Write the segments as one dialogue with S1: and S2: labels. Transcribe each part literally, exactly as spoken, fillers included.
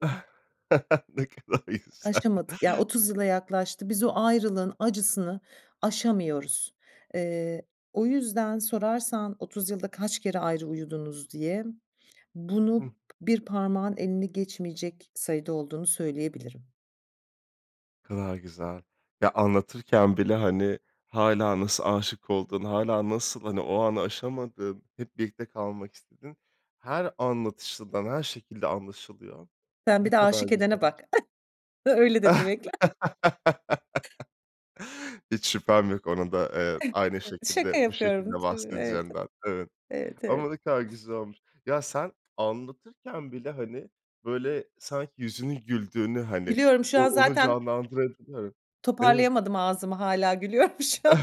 S1: Ne kadar güzel!
S2: Aşamadık, yani otuz yıla yaklaştı. Biz o ayrılığın acısını aşamıyoruz. Eee, o yüzden sorarsan, "otuz yılda kaç kere ayrı uyudunuz?" diye,
S1: Hıh.
S2: bunu bir parmağın elini geçmeyecek sayıda olduğunu söyleyebilirim.
S1: Ne kadar güzel. Ya, anlatırken bile hani hâlâ nasıl aşık olduğunu, hâlâ nasıl, hani, o anı aşamadın, hep birlikte kalmak istedin, her anlatışından her şekilde anlaşılıyor.
S2: Sen
S1: Ne
S2: bir de
S1: kadar
S2: aşık edene
S1: güzel.
S2: bak. Öyle de demek lazım.
S1: Hiç şüphem yok, ona da, eee, aynı
S2: Şaka
S1: şekilde, bu şekilde
S2: yapıyorum tabii, evet.
S1: bahsedeceğinden. Evet.
S2: Evet.
S1: Ama
S2: Evet.
S1: ne kadar güzel olmuş. Ya, sen anlatırken bile, hani, böyle, sanki yüzünün güldüğünü, hani,
S2: Gülüyorum şu
S1: o
S2: an
S1: onu
S2: zaten
S1: canlandırabiliyorum. Evet.
S2: Toparlayamadım ağzımı hâlâ gülüyorum şu an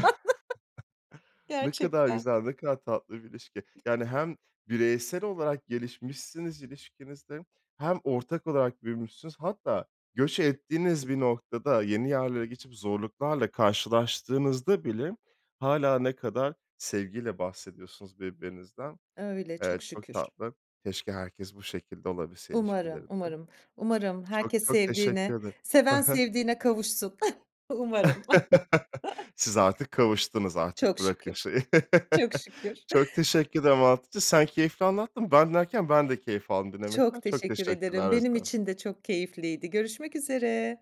S1: Ne kadar
S2: gerçekten.
S1: güzel, ne kadar tatlı bir ilişki. Yani hem bireysel olarak gelişmişsiniz ilişkinizde hem ortak olarak büyümüşsünüz. Hatta göç ettiğiniz bir noktada, yeni yerlere geçip zorluklarla karşılaştığınızda bile hâlâ ne kadar sevgiyle bahsediyorsunuz birbirinizden.
S2: Öyle,
S1: Eee,
S2: çok
S1: çok
S2: şükür.
S1: tatlı. Keşke herkes bu şekilde olabilse
S2: Umarım,
S1: ilişkilerinde.
S2: umarım, umarım
S1: Çok,
S2: herkes
S1: çok teşekkür
S2: sevdiğini
S1: ederim. Hı
S2: Seven
S1: hı.
S2: sevdiğine kavuşsun. Umarım.
S1: Siz artık kavuştunuz, artık
S2: Çok
S1: bırakın
S2: şükür,
S1: şeyi.
S2: çok şükür.
S1: Çok teşekkürler valla anlattıkça sen keyifli anlattın. Ben dinlerken ben de keyif aldım dinlemekten.
S2: Çok
S1: Çok
S2: teşekkür ederim.
S1: teşekkürler o
S2: Benim
S1: yüzden.
S2: için de çok keyifliydi. Görüşmek üzere.